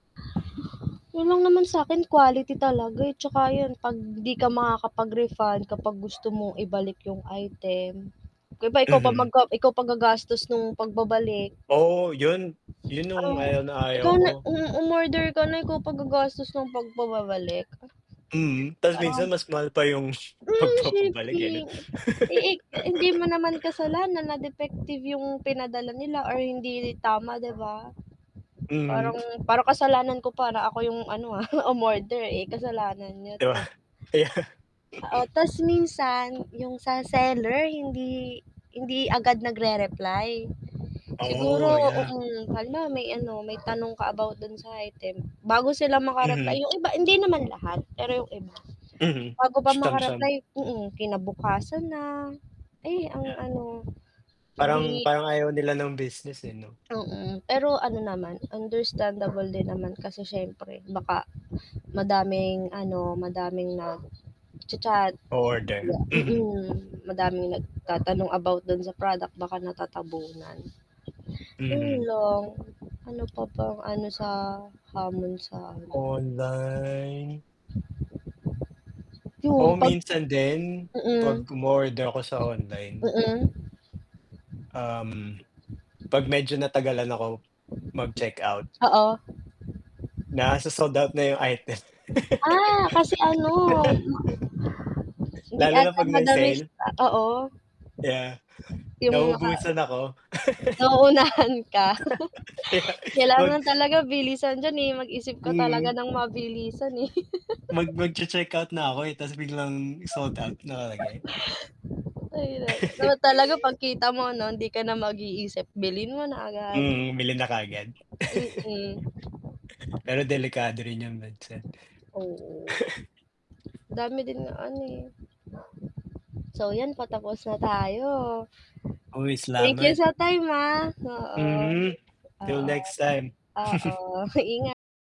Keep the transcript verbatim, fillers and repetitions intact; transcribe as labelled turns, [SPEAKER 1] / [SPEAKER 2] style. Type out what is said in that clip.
[SPEAKER 1] Yun lang naman sa'kin quality talaga, eh, 'tsaka yun, 'pag di ka makakapag-refund kapag gusto mong ibalik yung item, 'di ba ikaw pa mag
[SPEAKER 2] Mhm.
[SPEAKER 1] a ikaw pa gagastos nung pagbabalik.
[SPEAKER 2] Oo yun yun yung
[SPEAKER 1] Oh,
[SPEAKER 2] ayaw na ayaw
[SPEAKER 1] ikaw na
[SPEAKER 2] ko.
[SPEAKER 1] mm, umorder ka na, ikaw pa gagastos ng pagpababalik?
[SPEAKER 2] Hmm, ta's minsan
[SPEAKER 1] Parang
[SPEAKER 2] mas mahal pa yung
[SPEAKER 1] mm,
[SPEAKER 2] pagpapa-balik eh 'no.
[SPEAKER 1] shipping, eh, e hindi mo naman kasalanan na defective yung pinadala nila or hindi tama 'di ba?
[SPEAKER 2] Mhm.
[SPEAKER 1] Parang parang kasalanan ko pa na ako yung ano, ah, umorder, eh, kasalanan niya
[SPEAKER 2] Di ba?
[SPEAKER 1] 'to.
[SPEAKER 2] Kaya
[SPEAKER 1] Oo ta's minsan, yung sa seller hindi hindi agad nag-rereply. Siguro,
[SPEAKER 2] Oo, yup.
[SPEAKER 1] mm, halimbawa may ano, may tanong ka about dun sa item, bago sila maka-reply
[SPEAKER 2] Mhm.
[SPEAKER 1] yung iba hindi naman lahat, pero yung iba
[SPEAKER 2] Mhm.
[SPEAKER 1] bago pa
[SPEAKER 2] Siyam-siyam.
[SPEAKER 1] maka-reply mm, kinabukasan na, ay ang
[SPEAKER 2] Yeah.
[SPEAKER 1] ano,
[SPEAKER 2] Parang
[SPEAKER 1] di
[SPEAKER 2] parang ayaw nila ng business, eh, 'no?
[SPEAKER 1] mm, pero ano naman, understandable din naman kasi siyempre baka madaming ano, madaming nag-cha-chat.
[SPEAKER 2] Oorder, mhm.
[SPEAKER 1] Mm, madaming
[SPEAKER 2] A
[SPEAKER 1] nagtatanong about dun sa product baka natatabunan. Yun
[SPEAKER 2] Mhm.
[SPEAKER 1] lang, ano pa bang ano sa hamon sa ano,
[SPEAKER 2] Online.
[SPEAKER 1] yun
[SPEAKER 2] Oh,
[SPEAKER 1] 'pag
[SPEAKER 2] minsan din,
[SPEAKER 1] mm,
[SPEAKER 2] 'pag umo-order ako sa online
[SPEAKER 1] mm.
[SPEAKER 2] um, 'pag medyo natagalan ako, mag-checkout
[SPEAKER 1] Oo.
[SPEAKER 2] na so-sold out na yung item.
[SPEAKER 1] Ah, kasi ano,
[SPEAKER 2] Ang bilis,
[SPEAKER 1] hindi
[SPEAKER 2] lalo na
[SPEAKER 1] ata
[SPEAKER 2] 'pag may
[SPEAKER 1] madamis
[SPEAKER 2] sale.
[SPEAKER 1] oo.
[SPEAKER 2] Yeah,
[SPEAKER 1] 'Yong naka
[SPEAKER 2] naubusan ako.
[SPEAKER 1] nauunahan ka.
[SPEAKER 2] Kaya, mag
[SPEAKER 1] Kailangan talaga bilisan diyan, eh, mag isip ka
[SPEAKER 2] Hmm.
[SPEAKER 1] talaga ng mabilisan, eh.
[SPEAKER 2] Mag magche-checkout na ako, eh, ta's biglang sold out nakalagay.
[SPEAKER 1] Ay naku, dapat talaga pagkita mo 'no, hindi ka na mag-iisip, bilhin mo na agad.
[SPEAKER 2] Mm, bili na kaagad.
[SPEAKER 1] Mm.
[SPEAKER 2] Pero delikado rin yun minsan
[SPEAKER 1] Oo. Dami din na ano, eh, so yan patapos na tayo.
[SPEAKER 2] Uy,
[SPEAKER 1] Thank you
[SPEAKER 2] salamat.
[SPEAKER 1] sa time ha? Oo,
[SPEAKER 2] Mhm, till
[SPEAKER 1] oo,
[SPEAKER 2] next time.
[SPEAKER 1] oo, ingat.